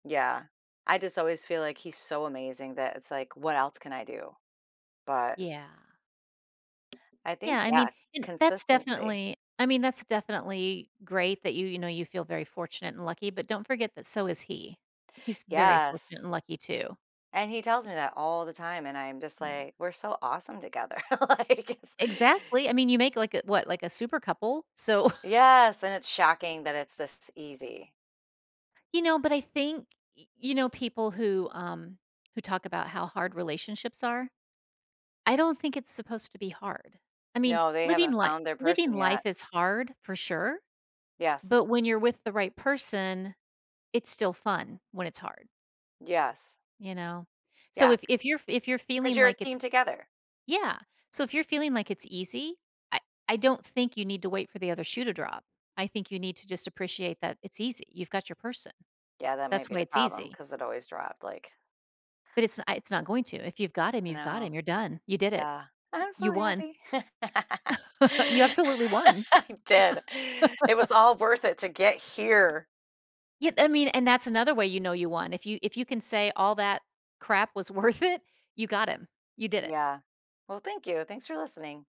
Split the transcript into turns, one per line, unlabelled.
Yeah. I just always feel like he's so amazing that it's, like, what else can I do? But
Yeah.
I
Yeah,
think,
I
yeah,
mean and that's
consistency.
definitely I mean, that's definitely great that you, you know, you feel very fortunate and lucky, but don't forget that so is he. He's very fortunate
Yes.
and lucky, too.
And he tells me that all the time, and I'm just
Yeah.
like, "We're so awesome together.” Like, it's
Exactly. I mean, you make, like, a what? Like a super couple. So
Yes, and it's shocking that it's this easy.
You know, but I think, y you know, people who, um, who talk about how hard relationships are, I don't think it's supposed to be hard. I mean,
No, they
living
haven't
li
found their
living
person yet.
life is hard for sure,
Yes.
but when you're with the right person, it's still fun when it's hard.
Yes.
You know? So,
Yeah, c
if if you're if you're
'cause
feeling
you're a
like it's
team together.
yeah. So, if you're feeling like it's easy, I I don't think you need to wait for the other shoe to drop. I think you need to just appreciate that it's easy, you've got your person,
Yeah, that might
that's
be
why
the
it's
problem,
easy.
'cause it always dropped, like
But it's n it's not going to. If you've got him, you've got
No.
him. You're done, you did it.
Yeah. I'm so
You won.
happy.
You absolutely won.
I did. It was all worth it to get here.
Ye I mean, and that's another way you know you won. If you if you can say all that crap was worth it, you got him. You did it.
Yeah. Well, thank you. Thanks for listening.